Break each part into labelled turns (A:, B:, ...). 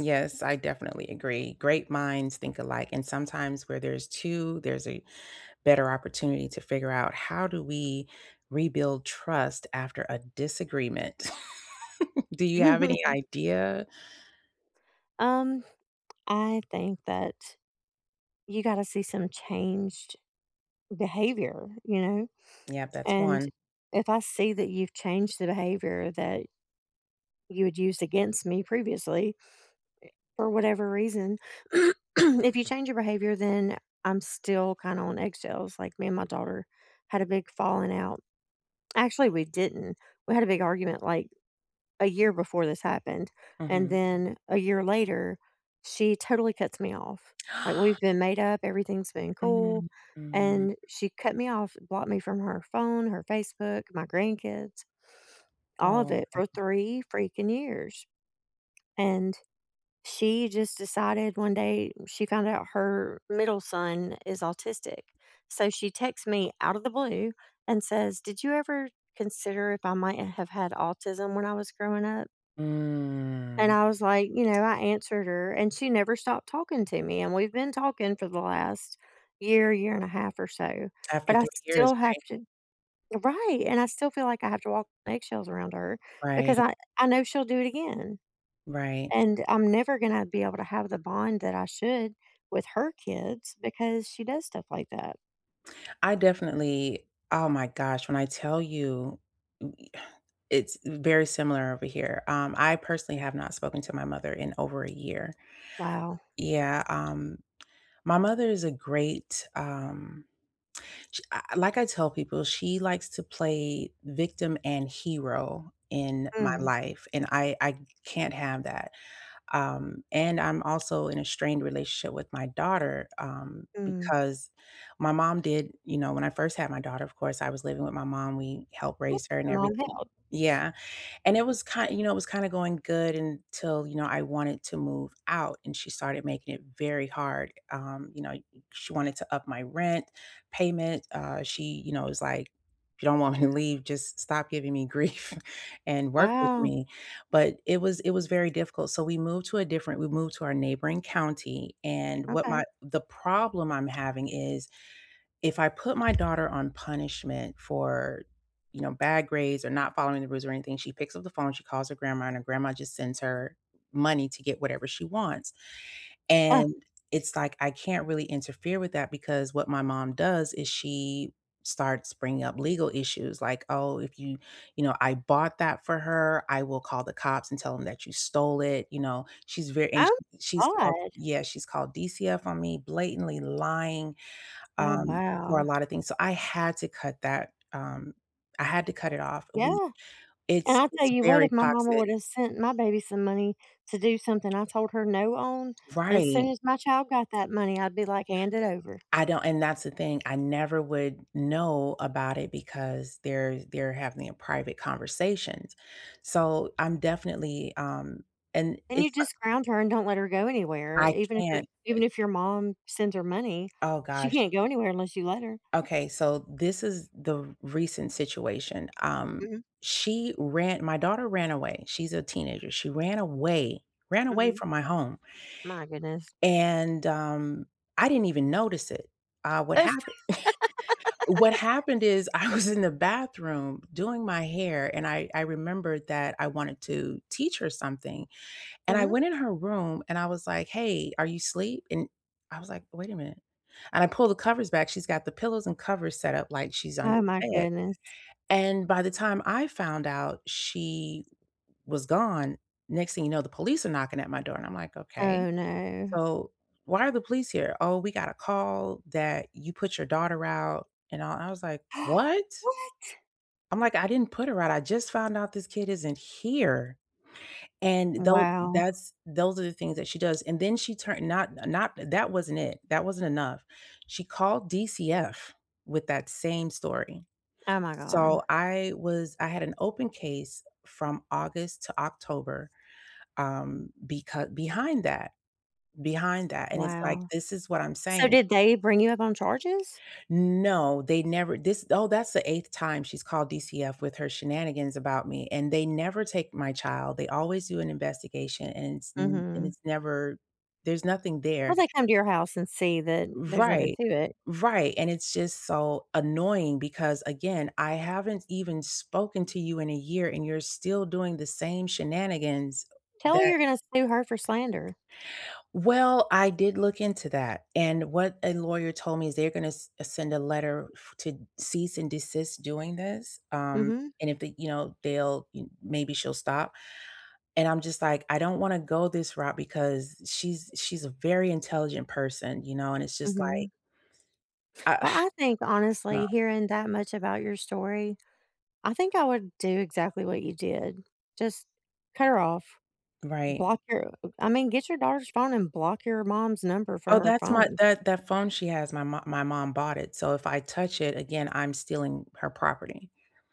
A: Yes, I definitely agree. Great minds think alike. And sometimes where there's 2, there's a better opportunity to figure out, "How do we rebuild trust after a disagreement?" Do you have any idea?
B: Um, I think that you gotta see some changed behavior, you know?
A: Yep, that's
B: And
A: one.
B: if I see that you've changed the behavior that you had used against me previously eh, for whatever reason, if you change your behavior, then I'm still kinda on eggshells, like, me and my daughter had a big falling out. Actually, we didn't. We had a big argument, like, a year before this happened. And
A: Mhm.
B: then a year later, she totally cuts me off. Like, we've been made up, everything's been cool,
A: Mm-mm.
B: and she cut me off, blocked me from her phone, her Facebook, my grandkids, all of
A: Oh.
B: it for
A: Uh-uh.
B: 3 freaking years. And she just decided one day she found out her middle son is autistic so, she texts me out of the blue and says, "Did you ever consider if I might have had autism when I was growing up?" And
A: Mm.
B: I was, like, you know, I answered her, and she never stopped talking to me. And we've been talking for the last year, year and a half or so,
A: After
B: but I
A: 3 years,
B: still have
A: right?
B: to Right, and I still feel like I have to walk on eggshells around her
A: Right.
B: because I I know she'll do it again.
A: Right.
B: And I'm never gonna be able to have the bond that I should with her kids because she does stuff like that.
A: I definitely oh my gosh, when I tell you, ooh e uh it's very similar over here. Um, I personally have not spoken to my mother in over a year.
B: Wow.
A: Yeah. Um, my mother is a great, um, sh I like I tell people, she likes to play victim and hero in my
B: Mm.
A: life, and I I can't have that. Um, and I'm also in a strained relationship with my daughter, um,
B: Mm.
A: because my mom did you know, when I first had my daughter, of course, I was living with my mom, we helped raise her
B: [unintelligible]
A: and
B: I'm on
A: everything.
B: help.
A: Yeah. And it was ki you know, it was kinda going good until, you know, I wanted to move out, and she started making it very hard, um, you know, i she wanted to up my rent payment. Uh, she, you know, was like, "If you don't want me to leave, just stop giving me grief and work with
B: Wow.
A: me." But it was it was very difficult. So, we moved to a different we moved to our neighboring county, and what my
B: Okay.
A: the problem I'm having is if I put my daughter on punishment for, you know, bad grades or not following the rules or anything, she picks up the phone, she calls her grandma, and her grandma just sends her money to get whatever she wants.
B: Uh
A: And it's like, I can't really interfere with that because what my mom does is she starts bringing up legal issues. Like, "Oh, if you you know, I bought that for her. I will call the cops and tell them that you stole it." You know? She's very and sh
B: Oh m
A: she's called
B: God.
A: yeah, she's called DCF on me, blatantly lying,
B: Oh,
A: um, for
B: wow.
A: a lot of things. So, I had to cut that. Um, I had to cut it off. We
B: Yeah. And
A: it's
B: I tell
A: it's
B: you what,
A: very
B: if my mama
A: toxic.
B: would've sent my baby some money to do something I told her, "No," on, as soon
A: Right.
B: as my child got that money, I'd be like, hand it over.
A: I don't and that's the thing, I never would know about it because they're they're having private conversations. So, I'm definitely, um and
B: And you
A: it's like
B: just ground her and don't let her go anywhere.
A: I
B: Even if your
A: can't,
B: even
A: uh
B: if your mom sends her money,
A: Oh
B: she
A: gosh.
B: can't go anywhere unless you let her.
A: Okay, so, this is the recent situation. Um,
B: Mhm.
A: she ra my daughter ran away, she's a teenager, she ran away ran away
B: Mhm.
A: from my home
B: My goodness.
A: and, um, I didn't even notice it, uh, what
B: If
A: happened what happened is I was in the bathroom doing my hair, and I I remembered that I wanted to teach her something. And I
B: Mhm.
A: went in her room and I was like, "Hey, are you sleep?" And I was like, "Wait a minute." And I pulled the covers back, she's got the pillows and covers set up like she's under
B: Oh my
A: the bed.
B: goodness.
A: And by the time I found out she w was gone, next thing you know, the police are knocking at my door. And I'm like, "Okay.
B: Oh, no.
A: So why are the police here?" "Oh, we got a call that you put your daughter out." And, uh, I was like, "What?"
B: What?
A: I'm like, "I didn't put her out, I just found out this kid isn't here." And though
B: Wow.
A: that's those are the things that she does. And then she turn not not that wasn't it, that wasn't enough. She called DCF with that same story.
B: Oh my
A: So,
B: god.
A: I was I had an open case from August to October, um, becau behind that behind that. And it's like,
B: Wow.
A: this is what I'm
B: So,
A: saying.
B: did they bring it up on charges?
A: No, they never this oh, that's the 8th time she's called DCF with her shenanigans about me, and they never take my child. They always do an investigation, and it's n and
B: Mhm.
A: it's never there's nothing
B: Well,
A: there.
B: they come to your house and see that there's nothing
A: Right.
B: to it.
A: Right, and it's just so annoying because, again, I haven't even spoken to you in a year, and you're still doing the same shenanigans
B: Tell her
A: that
B: you're gonna sue her for slander.
A: Well, I did look into that, and what a lawyer told me is they're gonna s send a letter f to cease and desist doing this. Um,
B: Mhm.
A: and if they, you know, they'll y maybe she'll stop. And I'm just like, "I don't wanna go this route because she's she's a very intelligent person." You know? And it's just like
B: Mhm.
A: uh
B: Well, I think,
A: No.
B: honestly, hearing that much about your story, I think I would do exactly what you did. Just cut her off.
A: Right.
B: Block her. I mean, get your daughter's phone and block your mom's number from
A: Oh,
B: her
A: that's my
B: phone.
A: that that phone she has, my mo my mom bought it. So, if I touch it again, I'm stealing her property.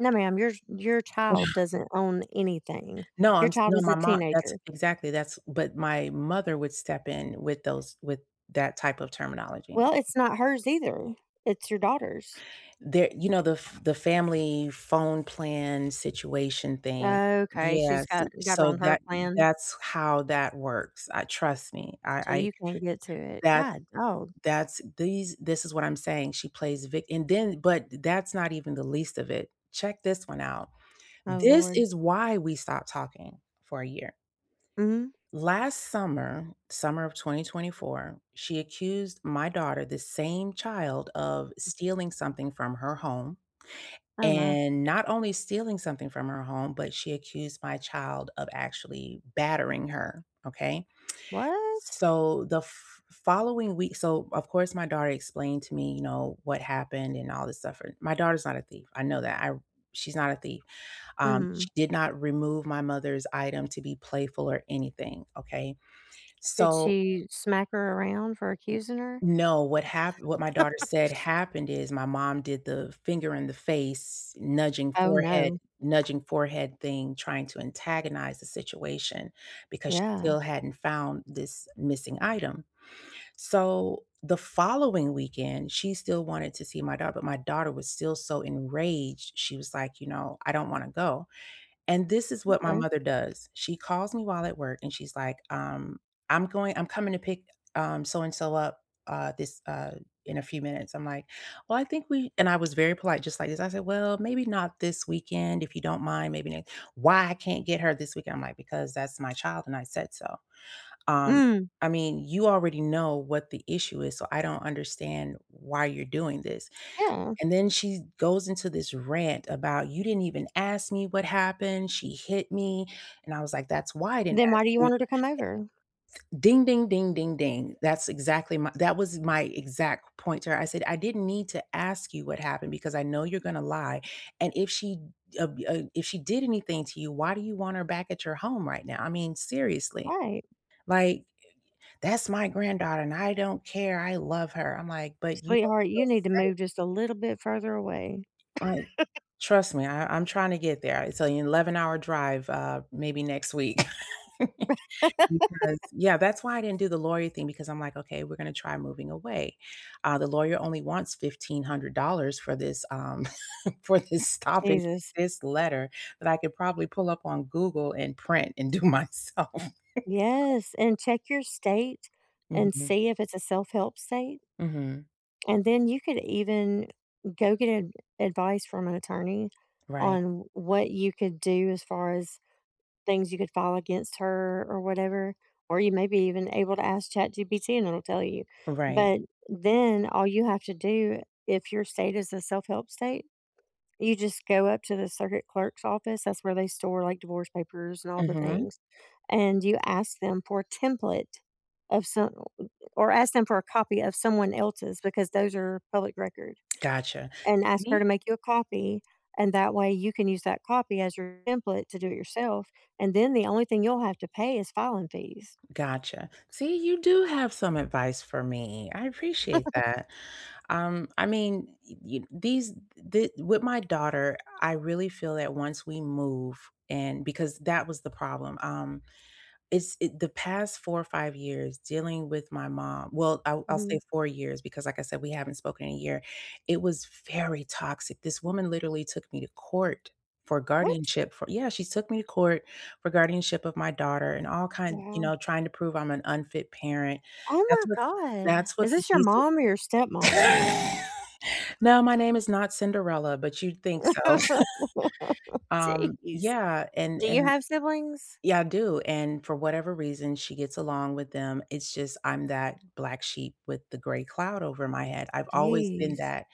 B: No, ma'am, yours your child doesn't own anything.
A: No, I'm
B: Your
A: s
B: child
A: no,
B: is a
A: my mo that's
B: teenager.
A: exactly. That's but my mother would step in with those with that type of terminology.
B: Well, it's not hers either. It's your daughter's.
A: There you know, the f the family phone plan situation thing.
B: Okay, she's
A: Yes,
B: got got her
A: so, eh,
B: on her
A: that m
B: plan.
A: that's how that works. I trust me. I
B: So
A: I
B: you can't get to it.
A: that
B: God, oh.
A: that's these this is what I'm saying. She plays vi and then but that's not even the least of it. Check this one out.
B: Oh,
A: This
B: lord.
A: is why we stopped talking for a year.
B: Mhm.
A: Last summer, summer of 2024, she accused my daughter, the same child, of stealing something from her home.
B: Oh, my.
A: And not only stealing something from her home, but she accused my child of actually battering her, okay?
B: What?
A: So, the f following week so, of course, my daughter explained to me, you know, what happened and all this stuff. My daughter's not a thief, I know that. I she's not a thief. Um, she
B: Mhm.
A: did not remove my mother's item to be playful or anything, okay?
B: Did
A: So
B: she smack her around for
A: N
B: accusing her?
A: No, what hap what my daughter said happened is my mom did the finger in the face, nudging
B: Oh,
A: forehead
B: no.
A: nudging forehead thing, trying to antagonize the situation because she
B: Yeah.
A: still hadn't found this missing item. So, the following weekend, she still wanted to see my daugh but my daughter was still so enraged. She was like, you know, "I don't wanna go." And this is what my
B: M'kay.
A: mother does, she calls me while at work, she's like, um, "I'm going I'm coming to pick, um, so-and-so up, uh, this, uh, in a few minutes." I'm like, "Well, I think we" and I was very polite just like this, I said, "Well, maybe not this weekend. If you don't mind, maybe ne" "Why I can't get her this weekend?" I'm like, "Because that's my child, and I said so." Um,
B: Mm.
A: "I mean, you already know what the issue is, so I don't understand why you're doing this."
B: Yeah.
A: And then she goes into this rant about, "You didn't even ask me what happened, she hit me." And I was like, "That's why I didn't
B: Then why
A: ask
B: do you
A: you"
B: want her to come over?
A: Ding, ding, ding, ding, ding. That's exactly my that was my exact point to her, I said, "I didn't need to ask you what happened because I know you're gonna lie. And if she ub uh if she did anything to you, why do you want her back at your home right now?" I mean, seriously.
B: Right.
A: Like, eh, "That's my granddaughter, and I don't care, I love her." I'm like, "But you don't
B: Sweetheart, you
A: feel
B: need to move
A: safe."
B: just a little bit further away.
A: Like, trust me, I I'm trying to get there. It's on eleven hour drive, uh, maybe next week because yeah, that's why I didn't do the lawyer thing because I'm like, "Okay, we're gonna try moving away." Uh, the lawyer only wants $1,500 for this, um, for this stop and
B: Jesus.
A: desist letter that I could probably pull up on Google and print and do myself.
B: Yes, and check your state and
A: Mhm.
B: see if it's a self-help state
A: Mhm.
B: and then you could even go get a advice from an attorney
A: Right.
B: on w what you could do as far as things you could file against her or whatever, or you may be even able to ask ChatGPT, and it'll tell you.
A: Right.
B: But then all you have to do, if your state is a self-help state, you just go up to the circuit clerk's office- that's where they store, like, divorce papers and all the
A: Mhm.
B: things- and you ask them for a template of som eh, or ask them for a copy of someone else's because those are public record
A: Gotcha.
B: and ask her
A: See?
B: to make you a copy. And that way, you can use that copy as your template to do it yourself, and then the only thing you'll have to pay is filing fees.
A: Gotcha. See, you do have some advice for me, I appreciate that. Um, I mean, e e eh these d the with my daughter, I really feel that once we move and because that was the problem, um, it's it the past 4 or 5 years dealing with my mom well, I'll I'll say
B: Mhm.
A: 4 years because, like I said, we haven't spoken in a year, it was very toxic. This woman literally took me to court for
B: What?
A: guardianship for yeah, she took me to court for guardianship of my daughter and all kind you
B: Wow.
A: know, trying to prove I'm an unfit parent.
B: Oh
A: That's
B: my
A: what
B: god.
A: that's what
B: Is
A: the
B: this your
A: DC
B: mom or your stepmom?
A: No, my name is not Cinderella, but you'd think so. Um,
B: Jeez.
A: yeah, and
B: Do you
A: and
B: have siblings?
A: yeah, I do, and for whatever reason, she gets along with them. It's just I'm that black sheep with the gray cloud over my head. I've always been
B: Jeez.
A: that,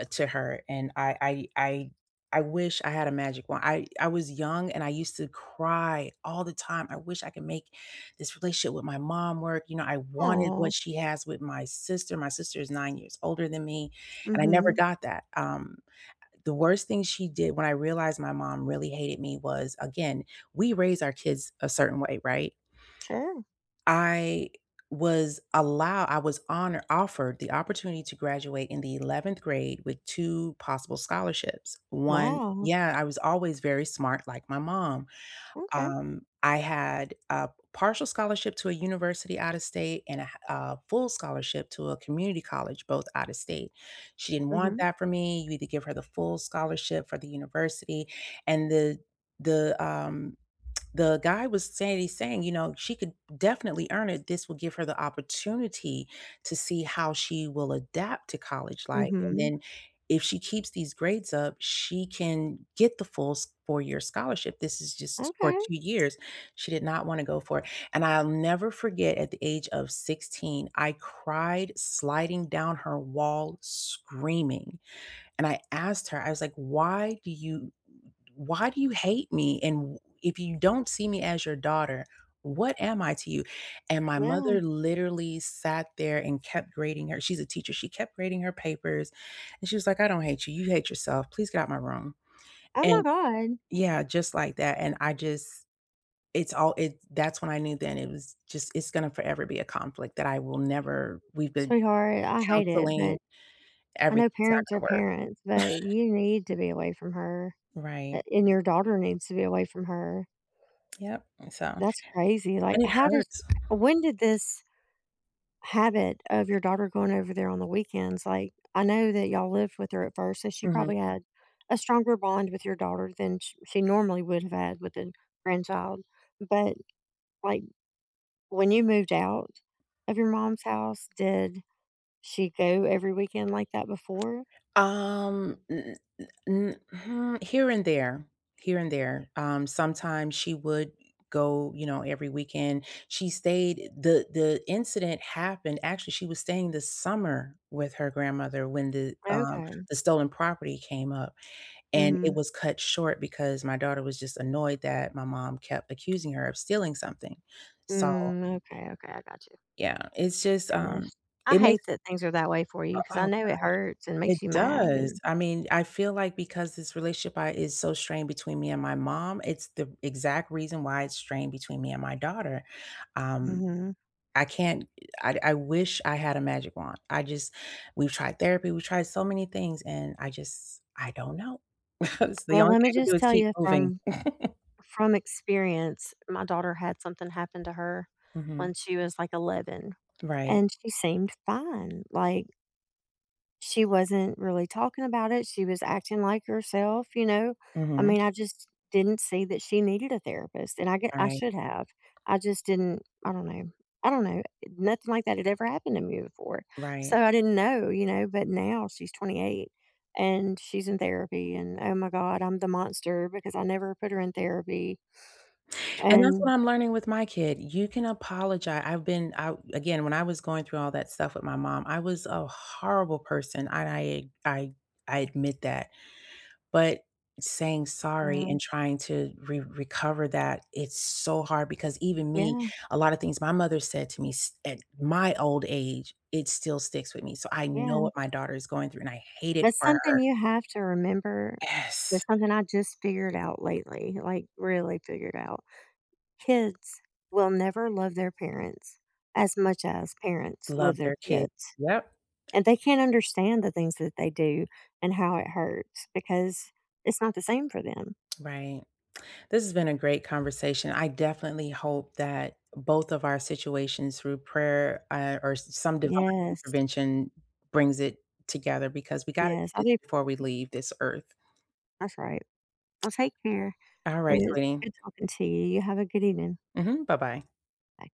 A: eh, to her, and I I I I wish I had a magic wand. I I was young, and I used to cry all the time, "I wish I could make this relationship with my mom work." You know, I wanted what
B: Aw.
A: she has with my sister. My sister is 9 years older than me, and I never
B: Mhm.
A: got that. Um, eh, the worst thing she did when I realized my mom really hated me was, again, we raise our kids a certain way, right?
B: Sure.
A: I was allow I was honor offered the opportunity to graduate in the 11th grade with 2 possible scholarships. 1
B: Wow.
A: yeah, I was always very smart like my mom.
B: Okay.
A: Um, I had a partial scholarship to a university out of state and a ha uh, full scholarship to a community college, both out of state. She didn't want
B: Mhm.
A: that for me, "You either give her the full scholarship for the university" and the the, um, the guy was saying he's saying, you know, "She could definitely earn it. This will give her the opportunity to see how she will adapt to college life, and
B: Mhm.
A: then if she keeps these grades up, she can get the full s four-year scholarship, this is just for
B: Okay.
A: 2 years." She did not wanna go for it. And I'll never forget at the age of 16 I cried sliding down her wall screaming, and I asked her, I was like, "Why do you why do you hate me? And wh if you don't see me as your daughter, what am I to you?" And my
B: Yeah.
A: mother literally sat there and kept grading her- she's a teacher- she kept grading her papers, and she was like, "I don't hate you, you hate yourself, please get out my room."
B: Oh my
A: And
B: god.
A: yeah, just like that, and I just it's all it that's when I knew then it was just it's gonna forever be a conflict that I will never we've been
B: Sweetheart, I hate it,
A: counseling,
B: but I know
A: everything it's not
B: parents
A: gonna
B: are
A: work.
B: parents, but you need to be away from her, a
A: Right.
B: and your daughter needs to be away from her.
A: Yep, and so
B: That's crazy. Like,
A: and it
B: how does
A: hurts.
B: when did this habit of your daughter going over there on the weekends? Like, I know that y'all lived with her at first, so she probably
A: Mhm.
B: had a stronger bond with your daughter than sh she normally would've had with a grandchild. But, like, when you moved out of your mom's house, did she go every weekend like that before?
A: Um, n n n mm here and there, here and there. Um, sometimes she would, eh, go, you know, every weekend. She stayed the the incident happened actually, she was staying the summer with her grandmother when the, um,
B: Okay.
A: the stolen property came up, and it
B: Mhm.
A: was cut short because my daughter was just annoyed that my mom kept accusing her of stealing something. So
B: Mm, okay, okay, I got you.
A: yeah, it's just,
B: Goodness.
A: um,
B: I
A: it
B: hate
A: makes
B: that things are that way for
A: uh,
B: you 'cause
A: oh
B: I
A: god.
B: know it hurts and
A: It
B: makes you mad,
A: does,
B: and
A: I mean, I feel like because this relationship I is so strained between me and my mom, it's the exact reason why it's strained between me and my daughter. Um,
B: Mhm.
A: I can't eh, I I wish I had a magic wand. I just we've tried therapy, we've tried so many things, and I just I don't know. S the
B: Well,
A: only
B: let me
A: thing I can do
B: just
A: is
B: tell
A: keep
B: you
A: moving.
B: from from experience. My daughter had something happen to her
A: Mhm.
B: when she was, like, 11
A: Right.
B: and she seemed fine. Like she wasn't really talking about it, she was acting like herself, you know? I
A: Mhm.
B: mean, I just didn't see that she needed a therapist, and I get I
A: Right.
B: should have. I just didn't I don't know, I don't know. Nothing like that had ever happened to me before.
A: Right.
B: So, I didn't know, you know? But now she's 28 and she's in therapy, and, oh my god, I'm the monster because I never put her in therapy.
A: And that's
B: And
A: what I'm learning with my kid. You can apologi I've been I again, when I was going through all that stuff with my mom, I was a horrible person, I I I I admit that. But saying sorry
B: Yeah.
A: and trying to re recover that, it's so hard because even me,
B: Yeah.
A: a lot of things my mother said to me s at my old age, it still sticks with me. So, I know
B: Yeah.
A: what my daughter is going through, and I hate it
B: That's
A: for
B: something
A: her.
B: you have to remember. That's
A: Yes.
B: something I just figured out lately, like, really figured out. Kids will never love their parents as much as parents
A: Love
B: love their
A: their kid.
B: kids.
A: Yep.
B: And they can't understand the things that they do and how it hurts because it's not the same for them.
A: Right. This has been a great conversation, I definitely hope that both of our situations through prayer, a or some divine
B: Yes.
A: intervention brings it together because we gotta
B: Yes,
A: do
B: I'll
A: this
B: be
A: before we leave this Earth.
B: That's right. Well take care,
A: Alright,
B: and it's
A: sweetie.
B: good talking to you. You have a good evening.
A: Mhm, bye-bye.
B: Bye.